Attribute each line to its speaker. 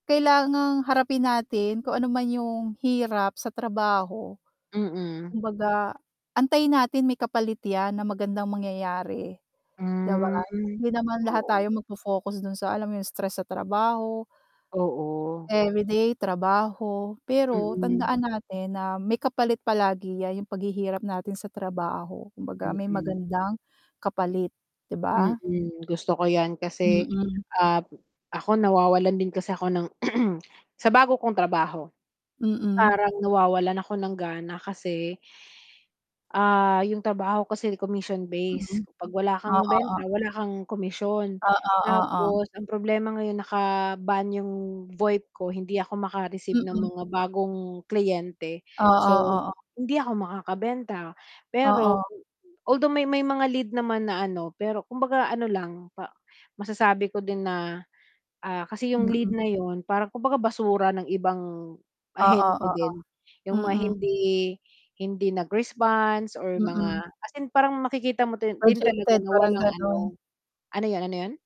Speaker 1: Kailangang harapin natin kung ano man yung hirap sa trabaho.
Speaker 2: Mm.
Speaker 1: Kumbaga, antayin natin may kapalit 'yan na magandang mangyayari, 'di ba?
Speaker 2: Hmm.
Speaker 1: Hindi naman lahat
Speaker 2: Oo.
Speaker 1: tayo magfo-focus dun sa alam mo yung, stress sa trabaho
Speaker 2: Oo.
Speaker 1: everyday trabaho. Pero
Speaker 2: Mm.
Speaker 1: tandaan natin na may kapalit palagi 'yan, yung paghihirap natin sa trabaho. Kumbaga, may
Speaker 2: Mm.
Speaker 1: magandang kapalit, 'di ba?
Speaker 2: Mm. Gusto ko 'yan kasi,
Speaker 1: Mm.
Speaker 2: ah, ako nawawalan din kasi ako ng sa bago kong trabaho,
Speaker 1: Mm.
Speaker 2: parang nawawalan ako ng gana kasi ah, yung trabaho kasi
Speaker 1: Mhm.
Speaker 2: commission-based. 'Pag wala
Speaker 1: Oo,
Speaker 2: kang
Speaker 1: o
Speaker 2: benta, wala kang komisyon.
Speaker 1: Oo, oo.
Speaker 2: Tapos ang problema ngayon naka-ban yung Voip ko, hindi ako maka-receive ng
Speaker 1: Mm.
Speaker 2: mga bagong kliyente.
Speaker 1: Oo,
Speaker 2: So,
Speaker 1: oo.
Speaker 2: hindi ako makakabenta. Pero,
Speaker 1: Oo.
Speaker 2: although, may may mga lead naman na ano, pero kumbaga ano lang, pa masasabi ko din na, ah, kasi yung lead
Speaker 1: Mm.
Speaker 2: na yun, parang kumbaga basura ng ibang
Speaker 1: Oo,
Speaker 2: ahente
Speaker 1: oo.
Speaker 2: din. Yung mga
Speaker 1: Mm.
Speaker 2: hindi hindi nag-response or mga
Speaker 1: Mm.
Speaker 2: as in parang makikita mo dun din talaga
Speaker 1: Projected,
Speaker 2: na
Speaker 1: parang
Speaker 2: walang ano
Speaker 1: gano'n.
Speaker 2: ano yun, ano yun?